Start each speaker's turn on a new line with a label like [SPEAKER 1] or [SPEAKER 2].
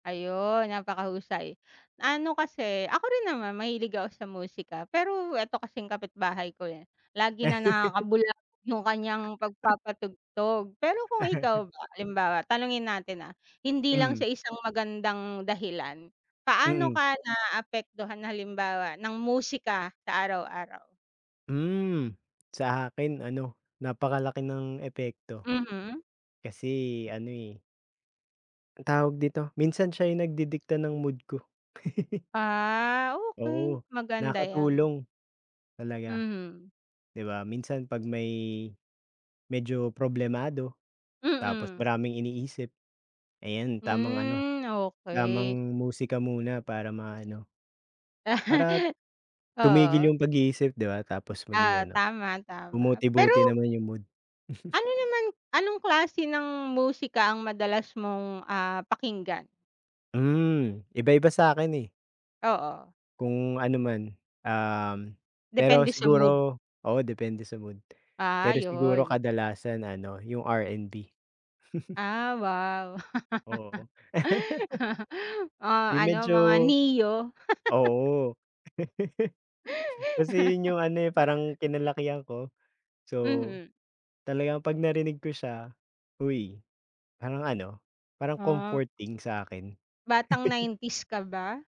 [SPEAKER 1] Ayon, napakahusay. Ano kasi, ako rin naman mahilig ako sa musika, pero eto kasing kapitbahay ko, eh, lagi na lang nakakabulabog yung kanyang pagpapatugtog. Pero kung ikaw ba, halimbawa, tanungin natin, ah, hindi lang
[SPEAKER 2] Mm.
[SPEAKER 1] sa isang magandang dahilan, paano
[SPEAKER 2] Mm.
[SPEAKER 1] ka naapektuhan halimbawa, ng musika sa araw-araw?
[SPEAKER 2] Hmm, sa akin ano, napakalaki ng epekto.
[SPEAKER 1] Mhm.
[SPEAKER 2] Kasi ano, eh anong tawag dito, minsan siya yung nagdidikta ng mood ko.
[SPEAKER 1] Ah, okey.
[SPEAKER 2] Oo,
[SPEAKER 1] Maganda 'yan.
[SPEAKER 2] nakakatulong. Talaga.
[SPEAKER 1] Mhm.
[SPEAKER 2] Di 'ba, minsan 'pag may medyo problemado, tapos
[SPEAKER 1] Mm.
[SPEAKER 2] maraming iniisip, ayan, tamang ano,
[SPEAKER 1] Hmm, okey.
[SPEAKER 2] tamang musika muna para maano para t tumigil
[SPEAKER 1] Oo.
[SPEAKER 2] yung pag-iisip, di ba? Tapos maging
[SPEAKER 1] Oo,
[SPEAKER 2] ano,
[SPEAKER 1] tama, tama.
[SPEAKER 2] bumuti-buti
[SPEAKER 1] Pero
[SPEAKER 2] naman yung mood.
[SPEAKER 1] ano naman anong klase ng musika ang madalas mong, ah, pakinggan?
[SPEAKER 2] Hmm, iba-iba sa'kin, eh
[SPEAKER 1] Oo.
[SPEAKER 2] kung ano man, um, pero
[SPEAKER 1] Depende sa mood.
[SPEAKER 2] siguro oo depende sa mood.
[SPEAKER 1] Ah,
[SPEAKER 2] Pero siguro
[SPEAKER 1] 'yon.
[SPEAKER 2] kadalasan ano, yung R&B.
[SPEAKER 1] Ah, wow.
[SPEAKER 2] Oo.
[SPEAKER 1] Oh,
[SPEAKER 2] Yung
[SPEAKER 1] ano,
[SPEAKER 2] medyo
[SPEAKER 1] mga Ne-Yo.
[SPEAKER 2] oo. Kasi yun yung ano, eh, parang kinalakihan ko. So,
[SPEAKER 1] Mhm.
[SPEAKER 2] talagang pag narinig ko siya, uy, parang ano, parang
[SPEAKER 1] Hap
[SPEAKER 2] comforting sa akin.
[SPEAKER 1] Batang 90's ka ba?